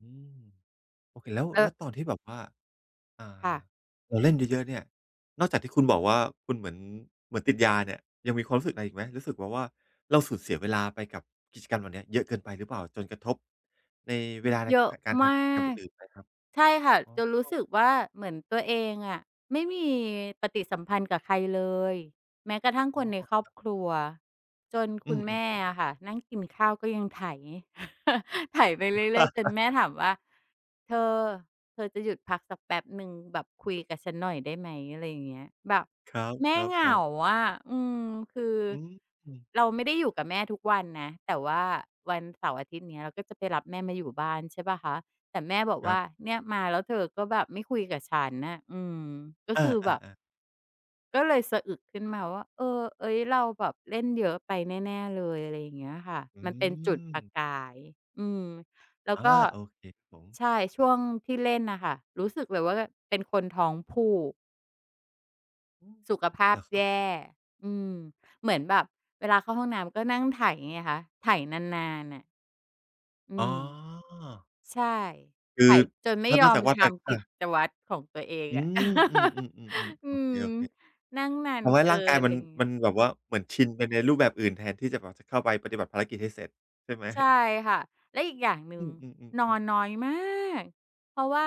อืม โอเค แล้ว เแลอ้อ วตอนที่แบบว่า อ่า ค่ะ เราเล่นเยอะ ๆ เนี่ย นอกจากที่คุณบอกว่า คุณเหมือน เหมือนติดยาเนี่ย ยังมีความรู้สึกอะไรอีกไหม รู้สึกแบบว่าเราสูญเสียเวลาไปกับกิจกรรมแบบนี้เยอะเกินไปหรือเปล่า จนกระทบ ในอ เวลาใน เยอะพะ การทมาำกิจกรรมอก ื่น ๆ ไหมครับ? ใช่ค่ะ อ๋จนรู้สอ ึกว่าเหมือนตัวเองอะไม่มีปฏิสัมพันธ์กับใครเลย แม้กระทั่งอ๋คอ นในคครอบรับ ครัว จนอคืุณแม่อ ๆ อๆ ะค่ะนั่งกินข้าวก็ยังไถ ไปเรื่อย ๆ จนแม่ถามว่า "เธอ เธอจะหยุดพักสักแป๊บหนึ่ง แบบคุยกับฉันหน่อยได้ไหม?" อะไรอย่างเงี้ย แบบครัแม่บ เหงาๆ ๆ อะ อืม คือ อือ เราไม่ได้อยู่กับแม่ทุกวันนะ แต่ว่าวันเสาร์ อาทิตย์ อย่างงี้ เราก็จะไปรับแม่มาอยู่บ้าน ใช่เปล่าคะ แต่แม่บอกครวั่บ า "เนี่ย มา แล้วเธอก็แบบไม่คุยกับฉันน่ะ" อืม ก็เอคือแบบ อ ๆ ๆ ก็เลยสะอึกขึ้นมาว่า เอ่อ เอ๊ย เราแบบเล่นเยอะไปแน่ ๆ เลย อะไรอย่างเงี้ยค่ะ อืมันเป็นจุดประม กาย อืม แล้วอา ก็ โอเคครับผม ใช่ ช่วงที่เล่นน่ะค่ะ รู้สึกเลยว่าแบบเป็นคนท้องผูก อือ สุขภาเหพรอครแัยบผ่ ม? อืม เหมือนแบบเวลาเข้าห้องน้ำ ก็นั่งไถไงคะ ไถนาน ๆ น่ะ อือ๋อ ม ใช่ คไืถอ จนไมถ่้ายนออกจมากว่า ทแตก ำอกิา จวัตรของตัวเองอือะ ม ๆ ๆ ๆ อืๆ โอเค ม นั่งนาๆ ทนำให้เกริ่างกายน อมะัไน รงี้ไมันง แบบว่า เหมือนชินไปในรูปแบบอื่น แทนที่จะแบบจะเข้าไปปฏิบัติภารกิจให้เสร็จใช่ไหม? ใช่ค่ะ แล้วอีกอย่างหนึอ่ืง นออ ๆ ๆ ๆ นน้อยมาก เพราะว่า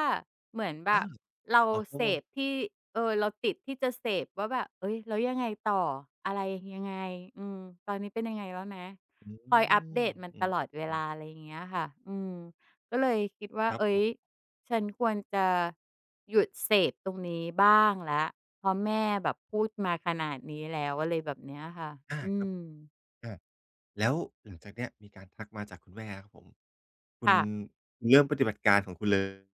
เหมือนแบเออ บเราอ๋อ เพรเาสะมัน พที่ เอ่อ เราติดที่จะเสพว่าแบบ "เอ๊ย แล้วยังไงต่อ? อะไรยังไง? อืม ตอนนี้เป็นยังไงแล้วนะ?" อือ คอยอัปเดตมันอตลอดเวืลอ ๆ า อะไรอย่างเงี้ยค่ะ อืม ก็เลยคิดว่า ครัเบอ๊ผย ม ฉันควรจะหยุดเสพตรงนี้บ้างแล้ว เพราะแม่แบบพูดมาขนาดนี้แล้ว อะไรแบบเนี้ยค่ะ อา อืครับ ม อา แล้วหลังจากเนี้ย มีการทักมาจากคุณแม่แล้วครับผม คุคณ่ะ เริ่มปฏิบัติการของคุณเลย